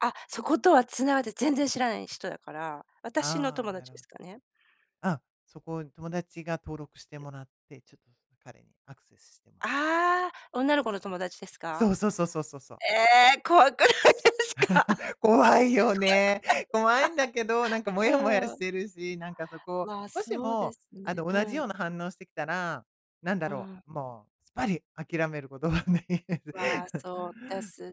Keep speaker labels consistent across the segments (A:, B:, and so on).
A: あ、そことは繋がって全然知らない人だから。私の
B: ああ、
A: 友
B: な
A: 達
B: る
A: ですかね。
B: うん、そこ、友達が登録してもらって、ちょっ、彼にアクセスしてもら…
A: ああ、女の子の友達です
B: そ
A: か？
B: うそうそうそうそう。
A: ええ！怖くないですか？怖く
B: 怖いよね？怖いんだけど、なんかモヤモヤ
A: ないか？う
B: し
A: ん。
B: てるし、なんかそこ
A: まあ、
B: もし
A: そうで
B: も、
A: す
B: あ
A: ね、
B: の、
A: う
B: 同じよ
A: ん。
B: うな反応してきたら、なんだ
A: う
B: ろ
A: ん。
B: う、もう、すっぱり諦めること考え
A: まあ、そうです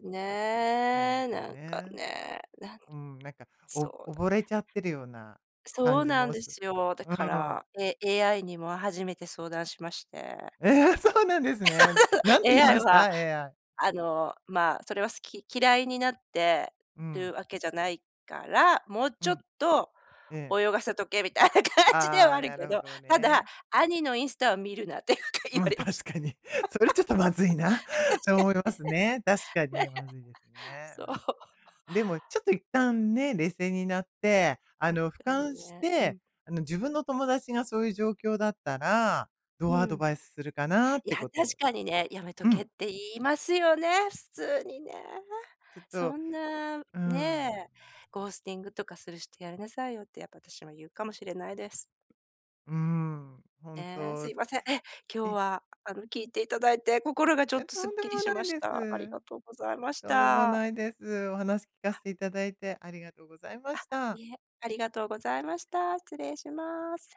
B: なん
A: ね、
B: か
A: なんか
B: ね、
A: ね、なん
B: うん、なんか、
A: そ
B: お
A: う
B: お
A: だ
B: 溺
A: ね
B: れちゃってるような
A: そ
B: 感
A: う
B: じ
A: なん
B: も
A: で
B: す
A: すよ、だ
B: う
A: か
B: ーん。
A: ら、え AI にも初めて相談しまして
B: ええ？そうなんですね。な んて言いま
A: AI
B: した
A: は、
B: ？AI。
A: あの、まあ、それは好き嫌いになって
B: う
A: る
B: ん。
A: わけじゃないから、もう
B: う
A: ちょっ
B: ん。
A: と
B: ええ。
A: 泳がせとけみたいな感じでは
B: あ
A: あ
B: あ、
A: る
B: な
A: け
B: るほ
A: ど、
B: ど
A: ただ、
B: ね。
A: 兄のインスタを見るなって、か言われまし
B: 確
A: た。
B: かに、それちょっとまずいなと
A: 確か
B: 思いますねまあ、確か
A: にね、ね。
B: に、まずいです ね、
A: そう。
B: うん。でも、ちょっと一旦ね、冷静になって、あ
A: あっ
B: の、俯
A: たり
B: 瞰し
A: ね、う
B: て、
A: ん。
B: あの、自分の友達がそういう状況だったらど
A: う
B: うアド
A: ん。
B: バイスするかなっ
A: い
B: て
A: や、
B: こ
A: 確
B: と。
A: かにね、やめと
B: う
A: け
B: ん。
A: って言いますよね、普通にね。
B: ちょっと
A: そ
B: う
A: んな、
B: ー
A: ね、
B: ん。
A: ゴースティングとかする人やめなさいよって、やっぱ私もゆうかもしれないです。
B: うーん。ほん
A: ええ、す
B: と。
A: いません。え、今日
B: え？
A: は、あの、聞いていただいて、心がちょっ
B: え、
A: と
B: と
A: すっ
B: んで
A: きり
B: も
A: し
B: な
A: ま
B: い
A: し
B: で
A: た。あり
B: す。
A: がとうございまし
B: とんでも
A: た。
B: ないです。お話聞かせていただいてありがとございま
A: あ、
B: した。
A: いえ、ありがとうございました。失礼します。